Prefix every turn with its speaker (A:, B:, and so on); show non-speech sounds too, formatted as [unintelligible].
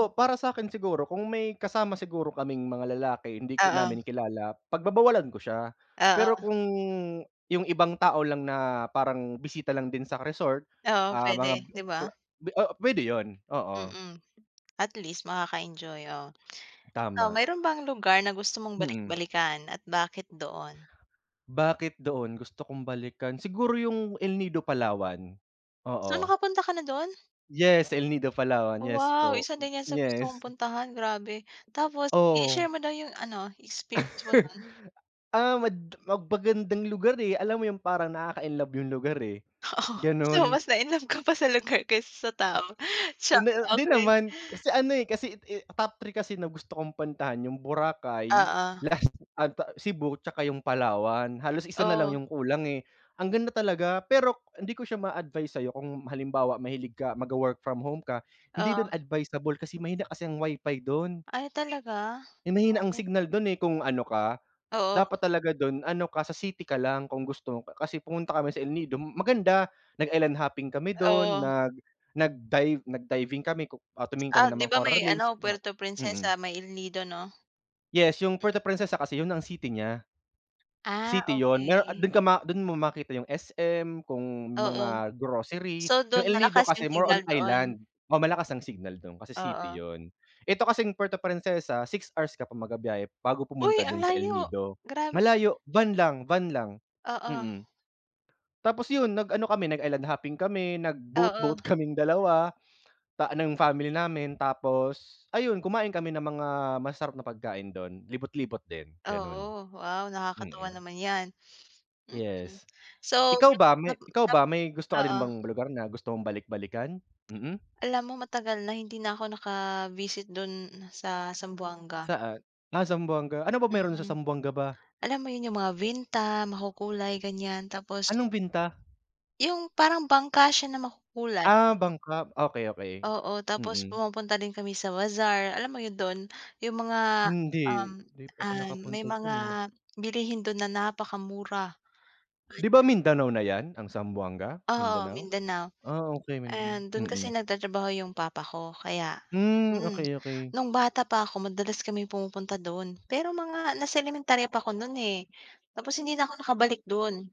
A: M
B: para sa'kin siguro kung may kasama siguro kaming mga lalaki, hindi ko
A: Oo.
B: namin kilala, pagbabawalan ko siya. Pero
A: Oo.
B: kung yung ibang tao lang na parang bisita lang din sa resort,
A: Oo,
B: ah, mga
A: puwede, 'di
B: kla
A: ba?
B: o pwede yun, oo.
A: Mm. At least makaka-enjoy, oo. Ikaw,
B: Tama.
A: mayro'n bang lugar na gusto mong
B: Mm.
A: balik-balikan at bakit doon?
B: Bakit doon gusto kong balikan, siguro yung El Nido Palawan,
A: So,
B: oo.
A: nakapunta ka na do'n?
B: Yes, El Nido Palawan. Yes
A: Wow!
B: po,
A: Isa din 'yan sa gusto kong
B: yes.
A: puntahan, grabe. Tapos
B: Oo.
A: i-share mo daw yung ano, experience mo nun.
B: [laughs] Ah, mad mag magandang lugar, eh. Alam mo yung parang nakaka-inlove yung lugar, eh,
A: Oo. So,
B: ganun.
A: mas na-inlove ka pa sa lugar kaysa sa tao. Char!
B: Hindi, 'di
A: Okey.
B: naman. Kasi ano, eh, kasi, eh, top 3 kasi na gusto kong puntahan yung Boracay,
A: Oo.
B: last ano 'to, Cebu tsaka yung Palawan. Halos isa na lang
A: Oh.
B: yung kulang, eh. Ang ganda talaga. Pero hindi ko siya maa-advice sa'yo kung halimbawa mahilig ka magwo-work from home ka, hindi dun
A: Oo.
B: advisable kasi mahina kasi ang WiFi dun.
A: Ay talaga?
B: Eh, mahina ang
A: Why?
B: signal dun, eh. Kung ano ka,
A: Oo.
B: dapat talaga dun ano ka, sa city ka lang kung gusto Kasi pumunta kami sa El Nido, maganda. Nag-island hopping kami dun,
A: Oo.
B: nag nag-dive nag-diving kami, ku ah, tumingin
A: Ah,
B: kami ng
A: 'di
B: mga
A: ba
B: coral
A: may
B: reefs,
A: ano,
B: mga
A: Puerto
B: mm.
A: Princesa, may El Nido, 'no?
B: Yes, yung Puerto Princesa kasi yun ang city nya.
A: Ah,
B: City yun. Meron at
A: okey.
B: dun ka ma dun mo makita yung SM, kung
A: Oo.
B: mga grocery.
A: So,
B: Yung
A: dun
B: El Nido
A: malakas yung
B: kasi more on
A: signal doon?
B: island. Oh, malakas ang signal dun kasi city
A: Oo.
B: yun. 'Eto kasing Puerto Princesa, 6 hours ka pa magbibiyahe bago
A: Uy,
B: pumunta
A: ang
B: dun sa El
A: layo!
B: Nido.
A: Grab
B: Malayo van lang, van lang,
A: Oo.
B: mm. Tapos yun nag-ano kami, nag-island hopping kami, nag-boat-boat
A: Oo.
B: kaming 2 ta ng family namin. Tapos ayun, kumain kami ng mga masasarap na pagkain dun, libot-libot din, gano'n.
A: Oo. Wow, nakakatuwa
B: Mm.
A: naman 'yan, mm.
B: Yes.
A: So,
B: Ikaw ba
A: nap
B: may
A: nap
B: ikaw
A: nap
B: ba may gusto ka rin
A: oo.
B: bang lugar na gusto mong balik-balikan? Mm.
A: Alam mo matagal na hindi na ako naka-visit dun sa Zamboanga.
B: Saan? Ah, Zamboanga. Ano ba meron sa
A: Mm.
B: Zamboanga ba?
A: Alam mo yun yung mga vinta, makukulay, ganyan. Tapos
B: Anong vinta?
A: Yung parang bangka siya na makukulay.
B: Ah, bangka. Okey, okey.
A: Oo, tapos
B: Mm.
A: pumupunta din kami sa bazaar. Alam mo yun dun, yung mga, um,
B: Hindi. Hindi pa ako
A: um, may
B: nakapunta
A: mga
B: diyan, eh.
A: bilihin dun na napakamura.
B: 'Di ba
A: [unintelligible]
B: Mindanao na 'yan ang Zamboanga?
A: Oo,
B: Mindanao?
A: Mindanao.
B: Ah, okey, Mindanao,
A: And do'n kasi
B: mm.
A: nagtratrabaho 'yong papa ko kaya
B: Hmm,
A: mm.
B: okey, okey.
A: Nung bata pa ako madalas kami pumupunta do'n, pero mga nasa elementarya pa ako no'n, eh. Tapos hindi na ako nakabalik dun.